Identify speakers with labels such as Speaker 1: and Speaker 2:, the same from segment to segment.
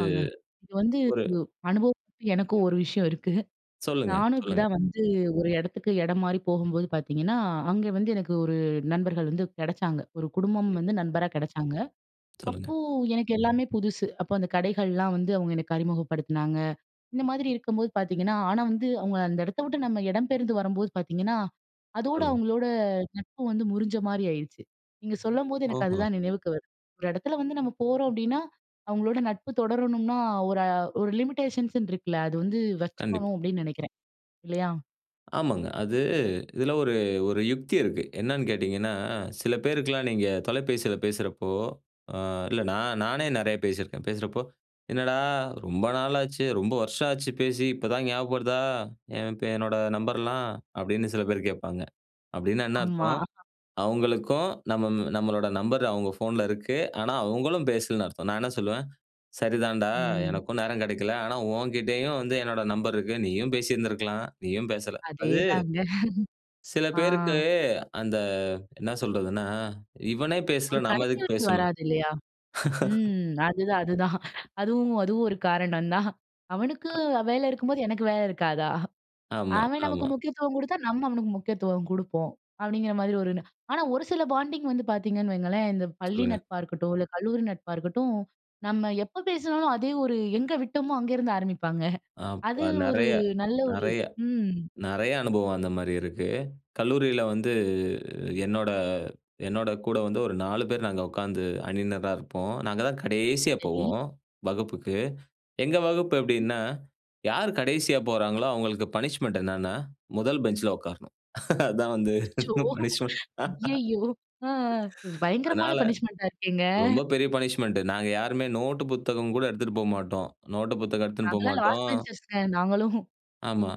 Speaker 1: இது
Speaker 2: இது வந்து
Speaker 1: ஒரு
Speaker 2: அனுபவம் எனக்கும் ஒரு விஷயம் இருக்கு.
Speaker 1: சொல்லுங்க,
Speaker 2: நானும்
Speaker 1: சொல்லுங்க.
Speaker 2: இப்படிதான் வந்து ஒரு இடத்துக்கு இடம் மாரி போகும்போது பாத்தீங்கன்னா, அங்க வந்து எனக்கு ஒரு நண்பர்கள் வந்து கிடச்சாங்க. ஒரு குடும்பம்
Speaker 1: கண்டிப்பா.
Speaker 2: வந்து நண்பரா கெடச்சாங்க.
Speaker 1: சொல்லுங்க.
Speaker 2: அப்போ எனக்கு எல்லாமே புதுசு, அப்போ அந்த கடைகள்லாம் வந்து அவங்க எனக்கு அறிமுகப்படுத்தினாங்க. இந்த மாரி இருக்கும்போது பாத்தீங்கன்னா, ஆனா வந்து அவங்க அந்த இடத்த விட்டு நம்ம இடம் பெயர்ந்து வரும்போது பாத்தீங்கன்னா, அதோட
Speaker 1: சொல்லுங்க.
Speaker 2: அவங்களோட நட்பு வந்து முறிஞ்ச மாரி ஆயிடுச்சு. நீங்க சொல்லம்போது எனக்கு
Speaker 1: ஓஹோ!
Speaker 2: அதுதான் நினைவுக்கு வருது. ஒரு இடத்துல வந்து நம்ம போறோம் அப்டின்னா, அவங்களோட நட்பு தொடரணும்னா ஒரு, ஒரு லிமிட்டேஷன்ஸ் இருக்குல்ல, அது வந்து
Speaker 1: கண்டிப்
Speaker 2: வச்சுக்கணும் அப்டின்னு நினைக்கிறேன் இல்லையா?
Speaker 1: ஆமாங்க. அது இதுல ஒரு, ஒரு யுக்தி இருக்கு. என்னன்னு கேட்டீங்கன்னா, சில பேருக்கெல்லாம் நீங்க தொலைபேசியில பேசுறப்போ, அ இல்ல நா நானே நெறையா பேசிருக்கேன். பேசுறப்போ, "என்னடா ரொம்ப நாள் ஆச்சு, ரொம்ப வருஷம் ஆச்சு பேசி இப்ப தான் ஞாபகம் வருதா? என் பே என்னோட நம்பர்லாம்." அப்டின்னு சில பேர் கேட்பாங்க. அப்டின்னா, என்ன
Speaker 2: ஆமா.
Speaker 1: அர்த்தம்? அவங்களுக்கும் நம் நம்மளோட நம்பர் அவங்க ஃபோன்ல இருக்கு. ஆனா, அவங்களும் பேசலன்னு அர்த்தம். நான் என்ன சொல்லுவேன், "சரிதான்டா,
Speaker 2: ம்.
Speaker 1: எனக்கும் நேரம் கெடைக்கல. ஆனா, உங்கிட்டயும் வந்து என்னுடைய நம்பர் இருக்கு. நீயும் பேசி இருந்திருக்கலாம். நீயும் பேசல." அது
Speaker 2: அதேதாங்க.
Speaker 1: சில
Speaker 2: ஆ.
Speaker 1: பேருக்கு அந்த, என்ன சொல்றதுன்னா, "இவனே
Speaker 2: ஒரு
Speaker 1: பேசல நாம எதுக்கு
Speaker 2: கனெக்டிவிட்டி
Speaker 1: பேசணும்."
Speaker 2: வராது இல்லையா? ம். அதுதான், அதுதான். அதுவும், அதுவும் ஒரு காரணம் தான். அவனுக்கு
Speaker 1: அ.
Speaker 2: வேலை இருக்கும்போது, எனக்கு வேலை இருக்காதா?
Speaker 1: ஆமா,
Speaker 2: அவன் நமக்கு
Speaker 1: ஆமா.
Speaker 2: முக்கியத்துவம் குடுத்தா, நம்ம அவனுக்கு முக்கியத்துவம் குடுப்போம். அப்டிங்கற மாரி ஒண்ணு. ஆனா ஒரு சில பாண்டிங் வந்து பாத்தீங்கன்னு வையுங்களேன். இந்த பள்ளி
Speaker 1: சொல்லுங்க.
Speaker 2: நட்பா இருக்கட்டும், இல்ல கல்லூரி நட்பா இருக்கட்டும். நம்ம எப்ப பேசுனாலும், அதே ஒரு எங்க விட்டோமோ அங்க இருந்து ஆரம்பிப்பாங்க.
Speaker 1: ஆம்,
Speaker 2: அது
Speaker 1: அ
Speaker 2: ஒரு,
Speaker 1: நிறைய,
Speaker 2: நல்ல ஒரு
Speaker 1: நறைய,
Speaker 2: ம்.
Speaker 1: நறையா அனுபவம் அந்த மாரி இருக்கு. கல்லூரியில வந்து என்னோட, என்னோட கூட வந்து ஒரு 4 பேர் நாங்க உட்காந்து அணியினரா இருப்போம். நாங்க தான் கடைசியா
Speaker 2: சரி.
Speaker 1: போவோம் வகுப்புக்கு. எங்க வகுப்பு
Speaker 2: ம்.
Speaker 1: எப்டின்னா, யார் கடைசியா போறாங்களோ, அவங்களுக்கு பனிஷ்மென்ட் என்னன்னா, முதல் பெஞ்சுல உட்காரணும். அதான் வந்து
Speaker 2: அச்சச்சோ!
Speaker 1: பனிஷ்மென்ட்.
Speaker 2: அய்யய்யோ! அ பயங்கரமான
Speaker 1: அதனால,
Speaker 2: பனிஷ்மென்ட்டா இருக்கேங்க.
Speaker 1: ரொம்ப பெரிய பனிஷ்மென்ட். நாங்க யாருமே நோட்டு, புத்தகம் கூட எடுத்துட்டு போமாட்டோம். நோட்டு புத்தகம் எடுத்துன்ட்டு
Speaker 2: நாங்கள்லாம் லாஸ்ட்
Speaker 1: போமாட்டோம்.
Speaker 2: பெஞ்சர்ஸ்ங்க நாங்களும்.
Speaker 1: ஆமா.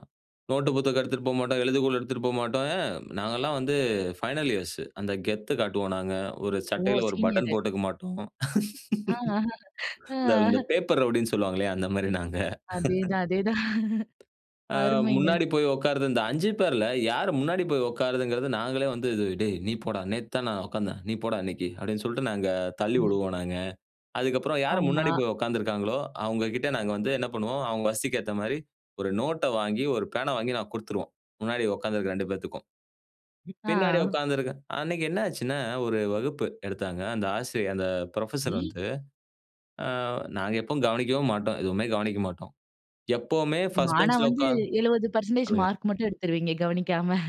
Speaker 1: நோட்டு, புத்தகம் எடுத்துட்டு போமாட்டோம், எழுதுகோள் எடுத்துட்டு போமாட்டோம். ஏன் நாங்கெல்லாம் வந்து ஃபைனல் இயர்ஸ் அந்த கெத்து காட்டுவோம் நாங்க. ஒரு
Speaker 2: ஓ!
Speaker 1: சட்டையில ஒரு பட்டன்
Speaker 2: சீனியர்.
Speaker 1: போட்டுக்க மாட்டோம்.
Speaker 2: அ, ஆ. அ,
Speaker 1: இந்த, இந்த
Speaker 2: ஆ.
Speaker 1: பேப்பர் ரவுடின்னு சொல்லுவாங்கலியா? அந்த மாரி நாங்க.
Speaker 2: அதேதான், அதேதான்.
Speaker 1: அ
Speaker 2: அருமைங்க.
Speaker 1: முன்னாடி போய் உட்காருற இந்த 5 பேர்ல யாரு முன்னாடி போய் உட்காருதுங்கிறது. நாங்களே வந்து இது "டேய் நீ போடா, நேத்து தான் நான் உட்கார்ந்தேன். நீ போடா இன்னைக்கு,"அப்டின்னு சொல்லிட்டு நாங்க தள்ளி
Speaker 2: ம்.
Speaker 1: விடுவோம் நாங்க. அதுக்கப்பறம் யாரு முன்னாடி
Speaker 2: ஆமா.
Speaker 1: போய் உட்கார்ந்துருக்காங்களோ, அவங்க கிட்ட நாங்க வந்து என்ன பண்ணுவோம், அவங்க வசதிக்கேத்த மாரி ஒரு நோட்ட வாங்கி, ஒரு பேனா வாங்கி நாங்க குடுத்துருவோம். முன்னாடி உட்கார்ந்து இருக்கற 2 பேத்துக்கும். பின்னாடி
Speaker 2: ஆ.
Speaker 1: உட்கார்ந்திருக்கேன். அன்னைக்கு என்ன ஆச்சுன்னா, ஒரு வகுப்பு எடுத்தாங்க. அந்த ஆசிரியர் அந்த புரொஃபஸர்
Speaker 2: ஈ!
Speaker 1: வந்து, ஆ நாங்க எப்பவும் கவனிக்கவே மாட்டோம். எதுவுமே கவனிக்க மாட்டோம். எப்பவுமே ஃபஸ்ட்
Speaker 2: ஆனா,
Speaker 1: பெஞ்ச்ல
Speaker 2: வந்து
Speaker 1: உட்கார்ந்து
Speaker 2: 70%
Speaker 1: சொல்லுங்க.
Speaker 2: மார்க் மட்டும் எடுத்துருவீங்க கவனிக்காம.